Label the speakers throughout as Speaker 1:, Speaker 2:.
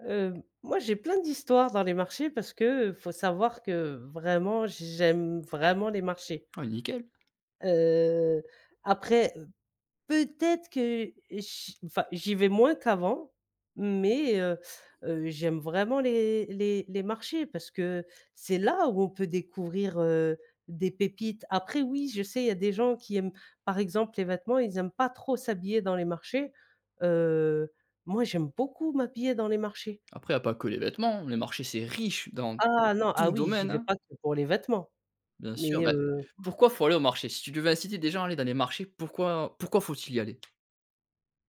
Speaker 1: Heu, moi, j'ai plein d'histoires dans les marchés, parce qu'il faut savoir que vraiment, j j'aime vraiment les marchés.
Speaker 2: Ouais, nickel.
Speaker 1: Heu, après, heu, peut-être que, heu, chi enfin j'y vais moins qu'avant, mais, heu heu, j'aime vraiment les les les marchés parce que c'est là, où on peut découvrir, heu, des pépites. Après oui, je sais, il y a des gens qui aiment, par exemple, les vêtements, ils aiment pas trop s'habiller dans les marchés, heu, moi j'aime beaucoup m'habiller dans les marchés.
Speaker 2: Après, il y a pas que les vêtements, les marchés c'est riche, dans
Speaker 1: Ah non! Ah
Speaker 2: tout
Speaker 1: oui, j'y
Speaker 2: domaine,
Speaker 1: vais
Speaker 2: hein.
Speaker 1: pas que pour les vêtements.
Speaker 2: Bien sûr,
Speaker 1: Mais
Speaker 2: bah,
Speaker 1: heu
Speaker 2: pourquoi faut aller au marché? Si tu devais inciter déjà à aller dans les marchés, pourquoi pourquoi faut-il y aller?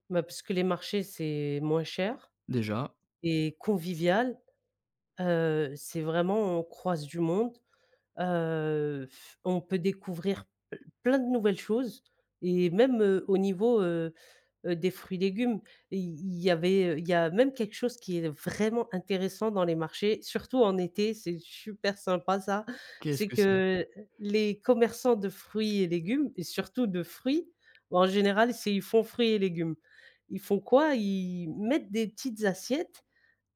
Speaker 1: Bah, parce que les marchés, c'est moins cher
Speaker 2: Déjà.
Speaker 1: et convivial. Heu, c'est vraiment, on croise du monde, heu,. On peut découvrir p plein de nouvelles choses et même, heu, au niveau, heu heu, des fruits-légumes, i il y avait il y a même quelque chose qui est vraiment intéressant dans les marchés, surtout en été, c'est super sympa ça,
Speaker 2: Qu'est-ce
Speaker 1: c'est
Speaker 2: que c'est?
Speaker 1: que les commerçants de fruits et légumes et surtout de fruits, en général, c'est ils font fruits et légumes. Ils font quoi? Ils mettent des petites assiettes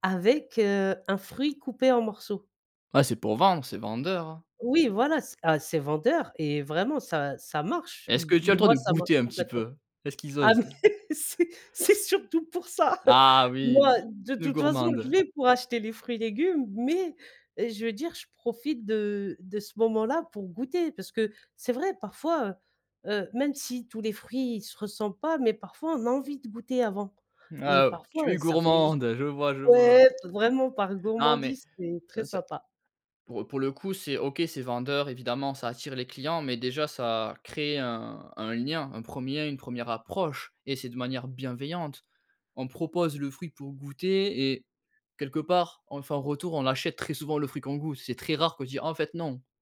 Speaker 1: avec, heu, un fruit coupé en morceaux.
Speaker 2: Ah, c'est pour vendre, c'est vendeur.
Speaker 1: Oui, voilà, c'est ah c'est vendeur et vraiment ça ça marche.
Speaker 2: Est-ce que
Speaker 1: M
Speaker 2: tu as le droit
Speaker 1: moi,
Speaker 2: de
Speaker 1: ça marche
Speaker 2: goûter un petit
Speaker 1: complètement.
Speaker 2: peu? Est-ce qu'ils
Speaker 1: Ah
Speaker 2: osent?
Speaker 1: mais c'est c'est surtout pour ça,
Speaker 2: Ah
Speaker 1: moi
Speaker 2: oui!
Speaker 1: de
Speaker 2: Une
Speaker 1: toute façon, je
Speaker 2: gourmande.
Speaker 1: vais pour acheter les fruits et légumes, mais, je veux dire, je profite de de ce moment-là pour goûter, parce que c'est vrai, parfois, heu heu, même si tous les fruits se ressemblent pas, mais parfois on a envie de goûter avant et
Speaker 2: Ah,
Speaker 1: parfois,
Speaker 2: tu es
Speaker 1: ça fait juste
Speaker 2: gourmande, je vois, je vois.
Speaker 1: ouais, vraiment par
Speaker 2: Non mais
Speaker 1: gourmandise, c'est très
Speaker 2: ts seu
Speaker 1: sympa.
Speaker 2: pour, heu, pour le coup c'est OK, c'est vendeur évidemment, ça attire les clients mais déjà, ça crée un un lien, un 1er une 1re approche et c'est de manière bienveillante. On propose le fruit pour goûter et quelque part, on fait un retour, on achète très souvent le fruit qu'on goûte. C'est très rare qu'on dit: «Ah, en fait, non».